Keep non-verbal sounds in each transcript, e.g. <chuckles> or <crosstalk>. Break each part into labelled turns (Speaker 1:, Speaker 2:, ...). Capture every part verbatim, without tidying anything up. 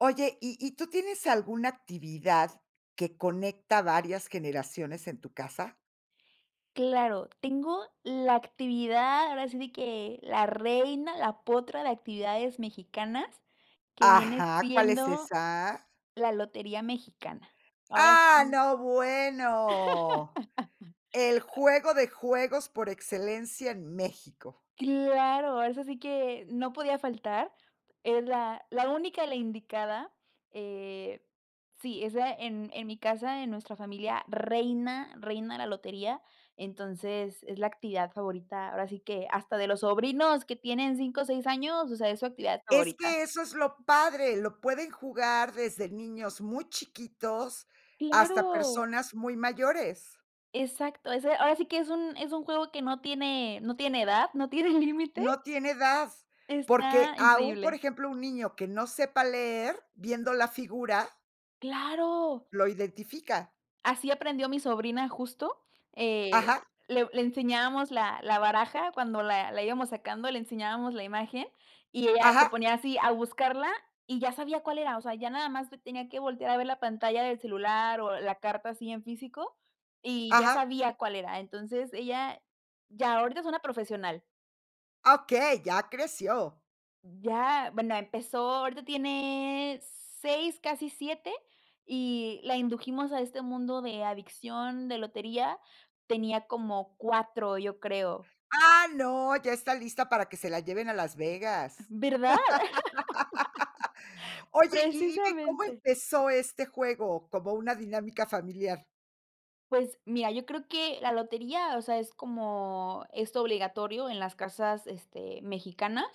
Speaker 1: Oye, ¿y y tú tienes alguna actividad que conecta varias generaciones en tu casa?
Speaker 2: Claro, tengo la actividad, ahora sí de que la reina, la potra de actividades mexicanas, que viene
Speaker 1: Ajá, ¿cuál es
Speaker 2: siendo
Speaker 1: esa?
Speaker 2: la lotería mexicana. Ahora
Speaker 1: ¡Ah,
Speaker 2: sí.
Speaker 1: no, bueno! El
Speaker 2: <laughs>
Speaker 1: juego de juegos por excelencia en México.
Speaker 2: Claro, ahora eso sí que, no podía faltar. Es la la única, la indicada, eh, sí, esa en en mi casa, en nuestra familia reina reina la lotería. Entonces, es la actividad favorita, ahora sí que, hasta de los sobrinos que tienen cinco o seis años, o sea, es su actividad
Speaker 1: Es
Speaker 2: favorita.
Speaker 1: que eso es lo padre, lo pueden jugar desde niños muy chiquitos, hasta
Speaker 2: ¡Claro!
Speaker 1: personas muy mayores.
Speaker 2: Exacto, ese ahora sí que, es un es un juego que no tiene no tiene edad, no tiene límite.
Speaker 1: No tiene edad, porque
Speaker 2: Está
Speaker 1: aún, por
Speaker 2: increíble.
Speaker 1: ejemplo, un niño que no sepa leer, viendo la figura
Speaker 2: ¡Claro!
Speaker 1: lo identifica.
Speaker 2: Así aprendió mi sobrina justo,
Speaker 1: Ajá.
Speaker 2: eh, le le enseñábamos la la baraja cuando la la íbamos sacando, le enseñábamos la imagen, y ella se
Speaker 1: Ajá.
Speaker 2: ponía así a buscarla y ya sabía cuál era. O sea, ya nada más tenía que voltear a ver la pantalla del celular, o la carta así en físico, y ya
Speaker 1: Ajá.
Speaker 2: sabía cuál era. Entonces, ella ya ahorita es una profesional.
Speaker 1: Ah, okey, ya creció.
Speaker 2: Ya, bueno, empezó, ahorita tiene seis, casi siete, y la indujimos a este mundo de adicción, de lotería. Tenía como cuatro, yo creo.
Speaker 1: Ah, no, ya está lista para que se la lleven a Las
Speaker 2: Am,
Speaker 1: Vegas.
Speaker 2: ¿verdad?
Speaker 1: <laughs>
Speaker 2: <laughs>
Speaker 1: Oye, y dime, ¿cómo
Speaker 2: Precisamente.
Speaker 1: empezó este juego? Como una dinámica familiar.
Speaker 2: Pues, mira, yo creo que la lotería, o sea, es como esto obligatorio en las casas, este, mexicanas.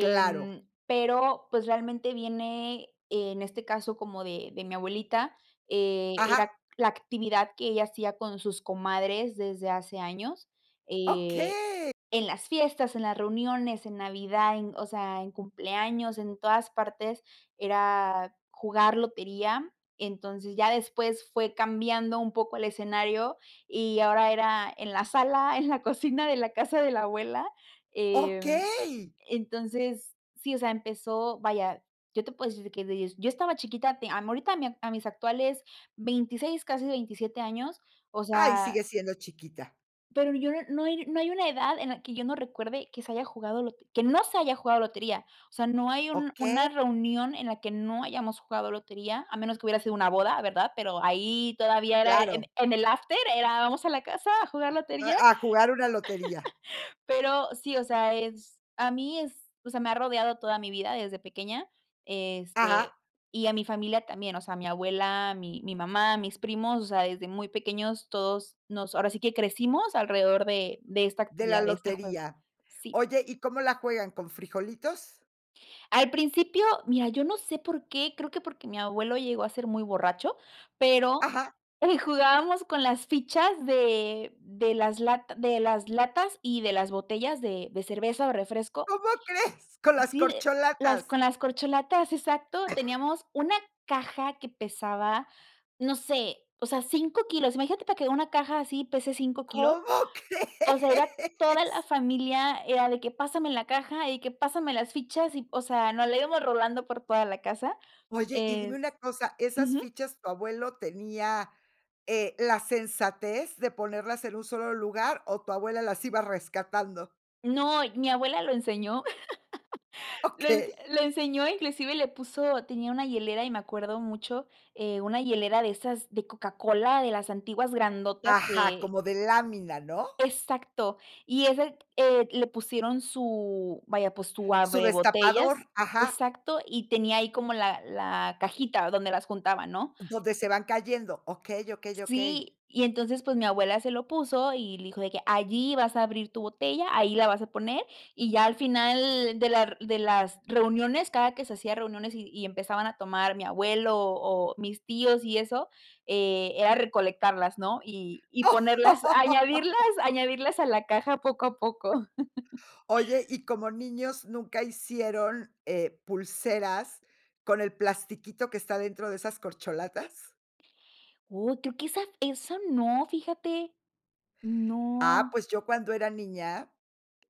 Speaker 1: Claro.
Speaker 2: pero, pues, realmente viene, en este caso, como de de mi abuelita, eh,
Speaker 1: Ajá.
Speaker 2: era la actividad que ella hacía con sus comadres desde hace años, eh,
Speaker 1: Okey.
Speaker 2: en las fiestas, en las reuniones, en navidad, en o sea, en cumpleaños, en todas partes era jugar lotería. Entonces, ya después fue cambiando un poco el escenario, y ahora era en la sala, en la cocina de la casa de la abuela. Em,
Speaker 1: Okey.
Speaker 2: entonces, sí, o sea, empezó vaya, yo te puedo decir que des yo estaba chiquita, te a ahorita a mis actuales veintiséis, casi veintisiete años, o
Speaker 1: Ay, sigue
Speaker 2: sea
Speaker 1: siendo chiquita.
Speaker 2: pero yo no no hay no hay una edad en la que yo no recuerde que se haya jugado lo que que no se haya jugado lotería. O sea, no hay un
Speaker 1: Okey.
Speaker 2: una reunión en la que no hayamos jugado lotería, a menos que hubiera sido una boda, ¿verdad? Pero, ahí todavía era en
Speaker 1: Claro.
Speaker 2: en el after era vamos a la casa a jugar
Speaker 1: Eh
Speaker 2: lotería.
Speaker 1: a jugar una lotería.
Speaker 2: <laughs> Pero sí, o sea, es a mí es o sea, me ha rodeado toda mi vida desde pequeña, este,
Speaker 1: Ajá.
Speaker 2: y a mi familia también. O sea, mi abuela, mi mi mamá, mis primos, o sea, desde muy pequeños todos nos ahora sí que crecimos alrededor de de esta
Speaker 1: De la
Speaker 2: actividad, de este juego,
Speaker 1: lotería.
Speaker 2: sí.
Speaker 1: Oye, ¿y cómo la juegan? ¿Con frijolitos?
Speaker 2: Al principio, mira yo no sé por qué, creo que porque mi abuelo llegó a ser muy borracho, pero,
Speaker 1: ¡Ajá!
Speaker 2: eh, jugábamos con las fichas de de las lata de las latas, y de las botellas de de cerveza o
Speaker 1: ¿Cómo
Speaker 2: refresco.
Speaker 1: <chuckles> crees con las
Speaker 2: Sí, de las
Speaker 1: corcholatas?
Speaker 2: con las corcholatas, exacto.
Speaker 1: <coughs>
Speaker 2: Teníamos una caja que pesaba, no sé, o sea, cinco kilos, imagínate para que una caja así, pese cinco kilos,
Speaker 1: ¿Cómo
Speaker 2: o sea, era toda la
Speaker 1: crees?
Speaker 2: familia, era de que pásame la caja y que pásame las fichas y, o sea, nos la íbamos rolando por toda la casa.
Speaker 1: Oye, y dime una
Speaker 2: Es
Speaker 1: cosa, ¿esas
Speaker 2: ujú.
Speaker 1: fichas tu abuelo tenía, eh, la sensatez de ponerlas en un solo lugar, o tu abuela las iba rescatando?
Speaker 2: No, mi abuela lo enseñó, <laughs> lo ens
Speaker 1: ¡Okey!
Speaker 2: lo enseñó, inclusive le puso tenía una hielera y me acuerdo mucho, eh, una hielera de esas de Coca-Cola, de las antiguas grandotas
Speaker 1: ¡Ajá!,
Speaker 2: que
Speaker 1: como de lámina, ¿no?
Speaker 2: Exacto. Y ese, eh, le pusieron su vaya, pues su
Speaker 1: Su
Speaker 2: abre botellas,
Speaker 1: destapador, ajá.
Speaker 2: exacto, y tenía ahí como la la cajita donde las juntaba, ¿no?
Speaker 1: Donde se van cayendo, okey, okey, okey.
Speaker 2: Sí, y entonces, pues mi abuela se lo puso, y le dijo de que: "Allí vas a abrir tu botella, ahí la vas a poner", y ya al final de la r de las reuniones, cada que se hacía reuniones, y y empezaban a tomar mi abuelo, o mis tíos y eso, eh, era recolectarlas, ¿no?, y y ponerlas, añadirlas,
Speaker 1: <laughs>
Speaker 2: añadirlas a la caja poco a poco. <chuckles>
Speaker 1: Oye, y como niños ¿nunca hicieron, eh, pulseras con el plastiquito que está dentro de esas corcholatas?
Speaker 2: Oh, creo que esa f esa no, fíjate.
Speaker 1: Ah,
Speaker 2: No.
Speaker 1: pues, yo cuando era niña,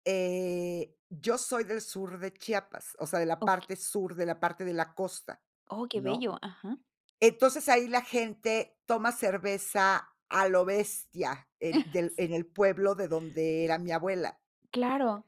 Speaker 1: eh Yo soy del sur de Chiapas, o sea, de la
Speaker 2: Oh, que
Speaker 1: parte sur, de la parte de la costa,
Speaker 2: Oh, qué
Speaker 1: ¿no?
Speaker 2: bello. Ajá.
Speaker 1: Entonces, ahí la gente toma cerveza a lo bestia, en del
Speaker 2: <chuckles> S
Speaker 1: en el pueblo de donde era mi abuela.
Speaker 2: Claro.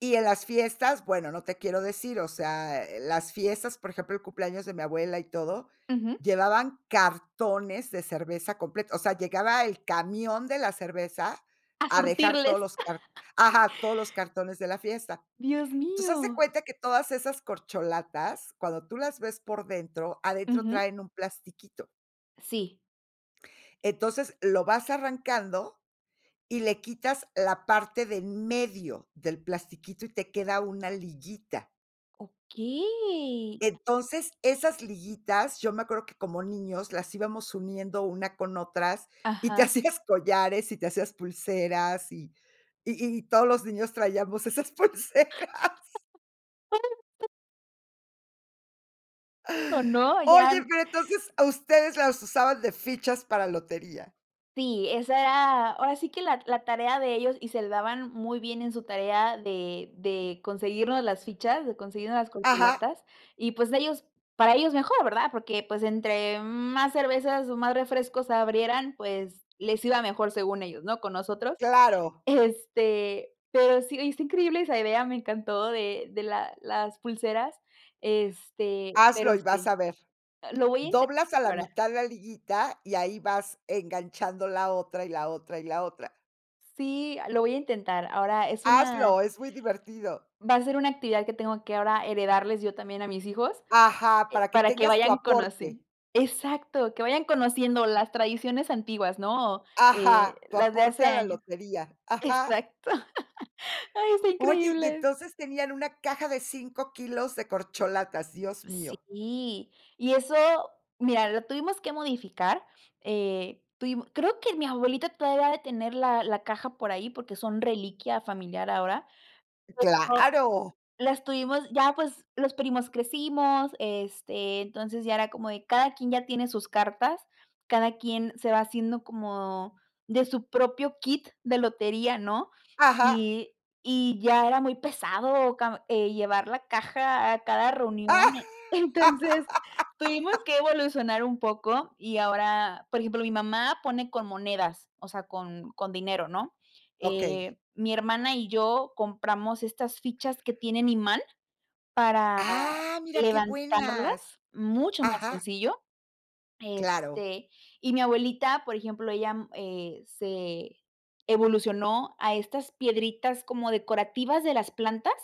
Speaker 1: Y en las fiestas, bueno, no te quiero decir. O sea, eh, las fiestas, por ejemplo, el cumpleaños de mi abuela y todo,
Speaker 2: Ujú.
Speaker 1: llevaban cartones de cerveza complet o sea, llegaba el camión de la cerveza
Speaker 2: A
Speaker 1: a dejar todos
Speaker 2: surtirles.
Speaker 1: los cart ajá, todos los cartones de la fiesta.
Speaker 2: Dios
Speaker 1: Entonces, haz de
Speaker 2: mío.
Speaker 1: cuenta que todas esas corcholatas, cuando tú las ves por dentro, adentro
Speaker 2: Ujú.
Speaker 1: traen un plastiquito.
Speaker 2: Sí.
Speaker 1: Entonces, lo vas arrancando, y le quitas la parte de en medio del plastiquito y te queda una liyita
Speaker 2: Okey.
Speaker 1: Entonces, esas liguitas, yo me acuerdo que como niños las íbamos uniendo una con otras, y te
Speaker 2: Ajá.
Speaker 1: hacías collares, y te hacías pulseras. Y y y todos los niños traíamos esas pulseras.
Speaker 2: <laughs> ¿O no? Ya
Speaker 1: Oye, pero entonces, ah ustedes las usaban de fichas para lotería.
Speaker 2: Sí, esa era ahora sí que la t la tarea de ellos, y se le daban muy bien en su tarea de de conseguirnos las fichas, de conseguirnos las
Speaker 1: Ajá.
Speaker 2: corcholatas, y pues, ellos para ellos mejor, ¿verdad? Porque, pues, entre más cervezas, o más refrescos abrieran, pues, les iba mejor según ellos, ¿no?, con nosotros.
Speaker 1: Claro.
Speaker 2: <chuckles> Este, pero sí, está increíble, esa idea me encantó de de la las pulseras, este
Speaker 1: Hazlo
Speaker 2: pero
Speaker 1: y vas
Speaker 2: sí.
Speaker 1: a ver.
Speaker 2: Ah, lo voy a
Speaker 1: Doblas a la
Speaker 2: intentar a
Speaker 1: mitad la liguita y ahí vas enganchando la otra, y la otra, y la otra.
Speaker 2: Sí, ah, lo voy a intentar, ahora es una
Speaker 1: Hazlo, es muy divertido.
Speaker 2: Va a ser una actividad que tengo que ahora heredarles yo también a mis hijos,
Speaker 1: Ajá,
Speaker 2: eh,
Speaker 1: para que
Speaker 2: para que
Speaker 1: tengas tu
Speaker 2: vayan
Speaker 1: aporte.
Speaker 2: conociendo Exacto, que vayan conociendo las tradiciones antiguas, ¿no?, eh,
Speaker 1: Ajá, tu
Speaker 2: las de
Speaker 1: aporte
Speaker 2: hace
Speaker 1: a la
Speaker 2: años
Speaker 1: lotería. Ajá.
Speaker 2: Exacto. <laughs> Ay, está
Speaker 1: Oye, y
Speaker 2: increíble.
Speaker 1: entonces tenían una caja de cinco kilos de corcholatas, Dios mío.
Speaker 2: Sí, y eso mira, lo tuvimos que modificar, eh, tuvimos Creo que mi abuelita todavía ha de tener la la caja por ahí, porque son reliquia familiar ahora, pero
Speaker 1: Claro.
Speaker 2: las tuvimos Ya pues los primos crecimos, este, entonces ya era como de cada quien ya tiene sus cartas, cada quien se va haciendo como de su propio kit de lotería, ¿no?
Speaker 1: Ajá.
Speaker 2: Y y ya era muy pesado, cam eh, llevar la caja a cada reunión. Eh, entonces, tuvimos
Speaker 1: <laughs>
Speaker 2: que evolucionar un poco, y ahora, por ejemplo, mi mamá pone con monedas, o sea, con con dinero, ¿no?,
Speaker 1: Okey.
Speaker 2: eh, mi hermana y yo compramos estas fichas que tienen imán para
Speaker 1: Ah, mira qué
Speaker 2: levantarlas
Speaker 1: buenas.
Speaker 2: mucho más
Speaker 1: Ajá.
Speaker 2: sencillo,
Speaker 1: Claro.
Speaker 2: este, y mi abuelita, por ejemplo, ella, mm, eh, se evolucionó a estas piedritas como decorativas de las plantas,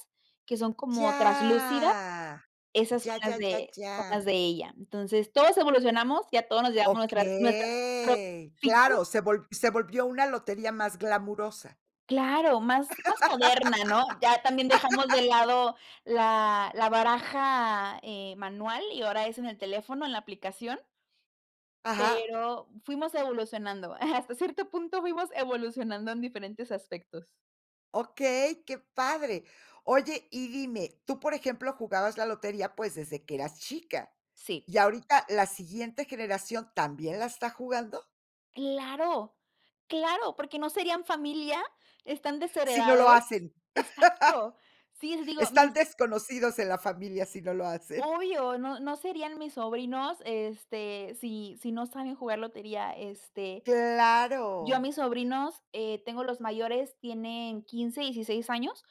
Speaker 2: que son como traslúcidas,
Speaker 1: Ya,
Speaker 2: esas son
Speaker 1: ya,
Speaker 2: las
Speaker 1: ya, ya,
Speaker 2: de son las
Speaker 1: ya.
Speaker 2: de ella. Entonces, todos evolucionamos, ya todos nos llevamos nuestras nuestras propias
Speaker 1: Okey.
Speaker 2: fichas.
Speaker 1: Claro, se volv se volvió una lotería más glamurosa.
Speaker 2: Claro, más más moderna, ¿no? Ya también dejamos de
Speaker 1: <laughs>
Speaker 2: lado la la baraja eh, manual y ahora es en el teléfono, en la aplicación.
Speaker 1: Ajá.
Speaker 2: Pero, fuimos evolucionando, hasta cierto punto fuimos evolucionando en diferentes aspectos.
Speaker 1: Okey, qué padre. Oye, y dime, tú por ejemplo, jugabas la lotería, pues desde que eras chica
Speaker 2: Sí.
Speaker 1: y ahorita la siguiente generación, ¿también la está jugando?
Speaker 2: Claro, claro porque no serían familia, están
Speaker 1: Si no lo
Speaker 2: desheredados,
Speaker 1: hacen.
Speaker 2: exacto. Sí,
Speaker 1: <laughs>
Speaker 2: digo
Speaker 1: Están
Speaker 2: mis.
Speaker 1: desconocidos en la familia si no lo hacen.
Speaker 2: Obvio, no no serían mis sobrinos, este, si si no saben jugar lotería. Este, yo a
Speaker 1: Claro.
Speaker 2: mis sobrinos, eh tengo los mayores, tienen quince, dieciséis años,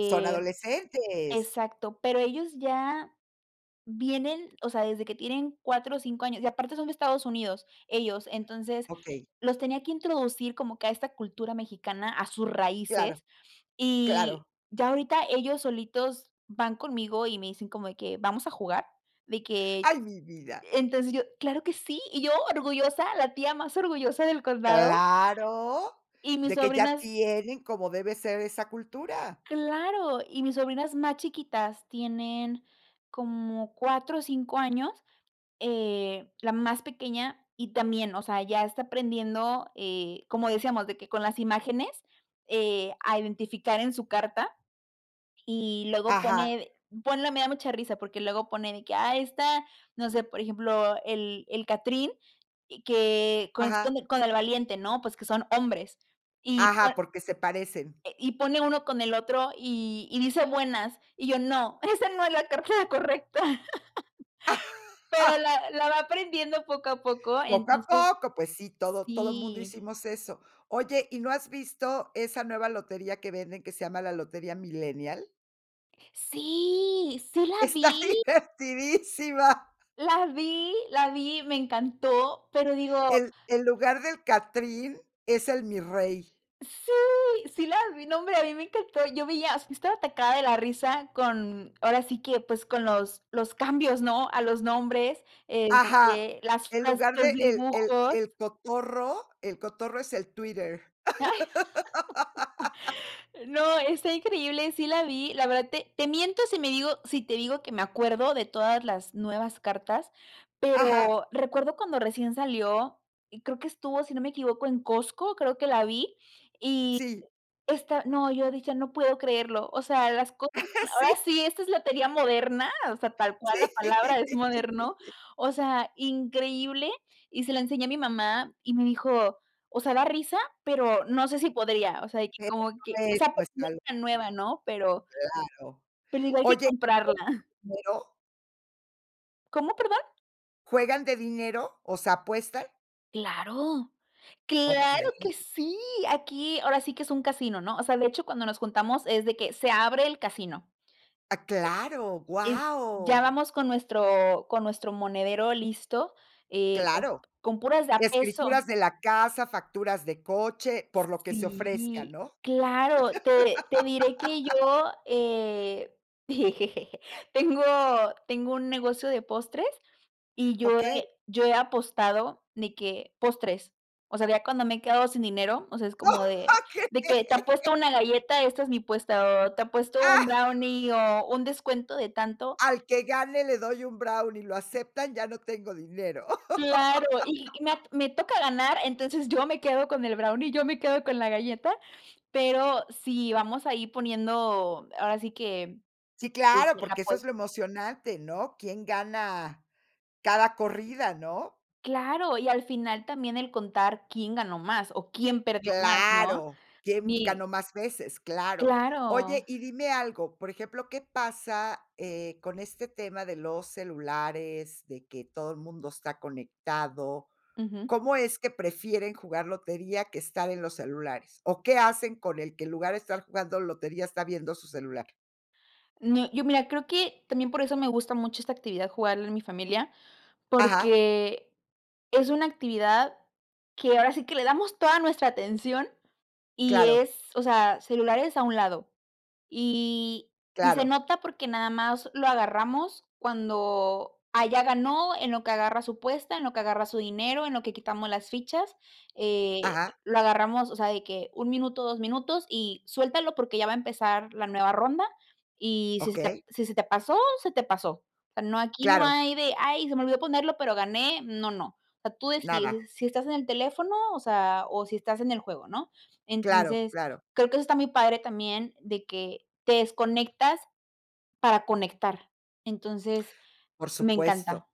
Speaker 1: Son adolescentes.
Speaker 2: exacto, pero ellos ya, vienen, o sea, desde que tienen cuatro o cinco años, y aparte son de Estados Unidos, ellos, entonces,
Speaker 1: Okey.
Speaker 2: los tenía que introducir como que a esta cultura mexicana a sus
Speaker 1: Claro,
Speaker 2: raíces y,
Speaker 1: claro.
Speaker 2: ya ahorita ellos solitos van conmigo y me dicen como de que: "Vamos a jugar". De que
Speaker 1: Ay, mi vida.
Speaker 2: entonces yo: "Claro que sí". Y yo orgullosa, la tía más orgullosa del condado.
Speaker 1: Claro,
Speaker 2: Y mis
Speaker 1: de que ya
Speaker 2: sobrinas.
Speaker 1: tienen, como debe ser, esa cultura.
Speaker 2: Claro, y mis sobrinas más chiquitas tienen como cuatro o cinco años, eh la más pequeña y también, o sea, ya está aprendiendo eh, como decíamos, de que con las imágenes eh, a identificar en su carta, y luego
Speaker 1: Ajá.
Speaker 2: pone ponle me da mucha risa, porque luego pone de que, ah, esta, no sé, por ejemplo, el el catrín, q que con es
Speaker 1: Ajá.
Speaker 2: con con el valiente, ¿no? Pues, que son hombres y
Speaker 1: Ajá,
Speaker 2: pone,
Speaker 1: porque se parecen.
Speaker 2: eh, y pone uno con el otro y y dice: "Buenas". Y yo: "No, esa no es la carta correcta". <laughs> Pero
Speaker 1: <laughs>
Speaker 2: la la va aprendiendo poco a poco,
Speaker 1: Poco a
Speaker 2: entonces.
Speaker 1: poco, pues sí, todo todo mundo
Speaker 2: Sí.
Speaker 1: hicimos eso. Oye, ¿y no has visto esa nueva lotería que venden, que se llama la lotería milenial?
Speaker 2: Sí, sí la
Speaker 1: Está
Speaker 2: vi.
Speaker 1: divertidísima.
Speaker 2: La vi, la vi, me encantó, pero digo.
Speaker 1: En en lugar del catrín es el mirrey.
Speaker 2: ¡Sí! Sí la vi nombre, a mí me encantó, yo veía estaba atacada de la risa con ahora sí que, pues, con los los cambios, ¿no? A los nombres,
Speaker 1: Ajá,
Speaker 2: este, las
Speaker 1: el
Speaker 2: frases,
Speaker 1: lugar
Speaker 2: los
Speaker 1: de el el
Speaker 2: dibujos.
Speaker 1: el cotorro, el cotorro es el Twitter.
Speaker 2: Ay. <laughs>
Speaker 1: <laughs>
Speaker 2: No, está increíble, sí la vi. La verdad, te te miento si me digo si te digo que me acuerdo de todas las nuevas cartas,
Speaker 1: Ajá.
Speaker 2: pero recuerdo cuando recién salió, y creo que estuvo, si no me equivoco, en Costco, creo que la vi, y
Speaker 1: Sí.
Speaker 2: <unintelligible> esta no, yo decía: "No puedo creerlo". O sea, las cosas,
Speaker 1: <laughs>
Speaker 2: ahora
Speaker 1: Sí.
Speaker 2: sí, esta es lotería moderna, o sea, tal cual
Speaker 1: Sí.
Speaker 2: la palabra es moderno, o sea, increíble, y se la enseñé a mi mamá y me dijo: "O sea, da risa, pero no sé si podría". O sea, y que
Speaker 1: Pero,
Speaker 2: ¿cómo
Speaker 1: no
Speaker 2: qué? O
Speaker 1: es
Speaker 2: sea,
Speaker 1: nuestra
Speaker 2: <unintelligible> una nueva,
Speaker 1: locura.
Speaker 2: ¿no? Pero
Speaker 1: Claro.
Speaker 2: pero digo: "Hay que
Speaker 1: Oye, ¿y juegan
Speaker 2: comprarla".
Speaker 1: dinero?
Speaker 2: ¿Cómo perdón?
Speaker 1: ¿Juegan de dinero, o sea apuestan?
Speaker 2: ¡Claro!, ¡claro que
Speaker 1: Okey.
Speaker 2: sí!, aquí ahora sí que es un casino, ¿no? O sea, de hecho cuando nos juntamos es de que se abre el casino,
Speaker 1: ¡Ah, claro,
Speaker 2: e y ya
Speaker 1: guau!
Speaker 2: vamos con nuestro con nuestro monedero listo, eh,
Speaker 1: Claro,
Speaker 2: con puras de a peso.
Speaker 1: escrituras de la casa, facturas de coche, por lo que se ofrezca,
Speaker 2: Sí,
Speaker 1: ¿no?
Speaker 2: claro. Te te diré que
Speaker 1: <laughs>
Speaker 2: yo, eh, <chuckles> tengo tengo un negocio de postres, y yo
Speaker 1: Okey.
Speaker 2: he yo he apostado, de que, postres. O sea, ya cuando me he quedado sin dinero, o sea, es como de
Speaker 1: ¡Okey!
Speaker 2: de que te apuesto una galleta, esta es mi puesta, o te apuesto un brownie,
Speaker 1: <laughs>
Speaker 2: o un descuento de tanto.
Speaker 1: Al que gane le doy un brownie, ¿lo aceptan?, ya no tengo dinero.
Speaker 2: ¡Claro!, y me a
Speaker 1: <laughs>
Speaker 2: me toca ganar, entonces, yo me quedo con el brownie, yo me quedo con la galleta, pero, si vamos a ir poniendo ahora sí que,
Speaker 1: ¡Sí, claro!,
Speaker 2: este, la
Speaker 1: porque eso
Speaker 2: apues
Speaker 1: es lo emocionante, ¿no?, quién gana cada corrida, ¿no?
Speaker 2: ¡Claro!, y al final también el contar quién ganó más, o quién perdió más, ¿no?,
Speaker 1: ¡Claro!, quién
Speaker 2: mi
Speaker 1: ganó más veces, claro.
Speaker 2: ¡Claro!
Speaker 1: Oye, y dime algo, por ejemplo, ¿qué pasa, eh, con este tema de los celulares, de que todo el mundo está conectado?
Speaker 2: Ujú.
Speaker 1: ¿Cómo es que prefieren jugar lotería, que estar en los celulares? ¿O qué hacen con el que, en lugar de estar jugando lotería, está viendo su celular?
Speaker 2: No, yo mira, creo que también por eso me gusta mucho esta actividad jugarla en mi familia,
Speaker 1: Ajá.
Speaker 2: porque es una actividad que ahora sí que le damos toda nuestra atención, y
Speaker 1: Claro.
Speaker 2: es, o sea, celulares a un lado. Y y se
Speaker 1: Claro.
Speaker 2: nota porque nada más lo agarramos cuando, ah, ya ganó, en lo que agarra su apuesta, en lo que agarra su dinero, en lo que quitamos las fichas, eh,
Speaker 1: Ajá.
Speaker 2: lo agarramos, o sea, de que un minuto, dos minutos, y suéltalo, porque ya va a empezar la nueva ronda, y si se te p
Speaker 1: Okey.
Speaker 2: si se te pasó, se te pasó. O sea, no, aquí no
Speaker 1: Claro.
Speaker 2: hay de: "Ay, se me olvidó ponerlo, pero gané, no, no". O sea, tú
Speaker 1: Nada.
Speaker 2: decides, si si estás en el teléfono, o sea, o si estás en el juego, ¿no?
Speaker 1: Claro,
Speaker 2: Entonces,
Speaker 1: claro.
Speaker 2: creo que eso está muy padre también, de que te desconectas para conectar. Entonces,
Speaker 1: Por
Speaker 2: me
Speaker 1: supuesto.
Speaker 2: encanta.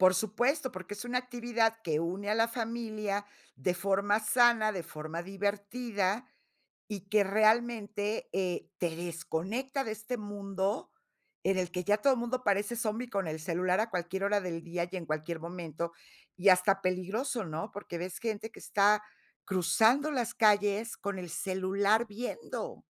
Speaker 1: Por supuesto, porque es una actividad que une a la familia de forma sana, de forma divertida. Y que realmente, eh, te desconecta de este mundo, en el que ya todo mundo parece zombi con el celular a cualquier hora del día, y en cualquier momento. Y hasta peligroso, ¿no?, porque ves gente que está cruzando las calles con el celular viendo.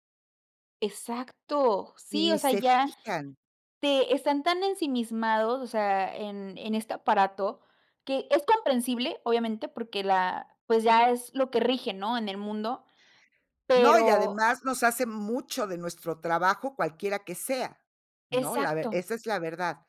Speaker 2: Exacto.
Speaker 1: Y
Speaker 2: Sí,
Speaker 1: ni
Speaker 2: o sea,
Speaker 1: se
Speaker 2: ya
Speaker 1: fijan.
Speaker 2: te están tan ensimismados, o sea, en en este aparato, que es comprensible, obviamente, porque la pues, ya es lo que rige, ¿no?, en el mundo,
Speaker 1: No, y
Speaker 2: pero.
Speaker 1: además nos hace mucho de nuestro trabajo cualquiera que sea, ¿no?, la ve
Speaker 2: Exacto.
Speaker 1: esa es la verdad,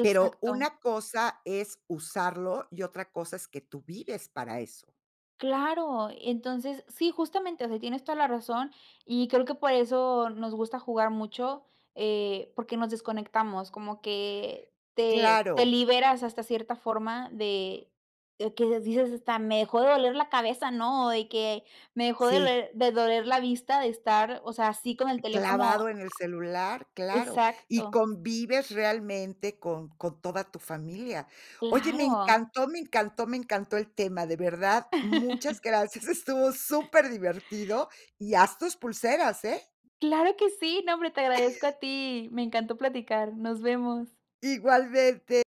Speaker 1: pero, una cosa es usarlo, y otra cosa es que tú vives para eso.
Speaker 2: Claro, entonces, sí, justamente. O sea, tienes toda la razón, y creo que por eso nos gusta jugar mucho, eh, porque nos desconectamos, como que te te
Speaker 1: Claro.
Speaker 2: liberas hasta cierta forma de de que dices: "Hasta me dejó de doler la cabeza", ¿no?, de que: "Me dejó de
Speaker 1: Sí.
Speaker 2: ler de doler la vista de estar, o sea, así con el teléfono".
Speaker 1: Clavado en el celular, claro. Y
Speaker 2: Exacto.
Speaker 1: convives realmente con con toda tu familia. Oye, me
Speaker 2: Claro.
Speaker 1: encantó, me encantó, me encantó el tema, de verdad, muchas
Speaker 2: <laughs>
Speaker 1: gracias, estuvo superdivertido, y haz tus pulseras, ¿eh?
Speaker 2: Claro que sí, no hombre, te agradezco a
Speaker 1: <chuckles>
Speaker 2: ti, me encantó platicar, nos vemos.
Speaker 1: Igualmente.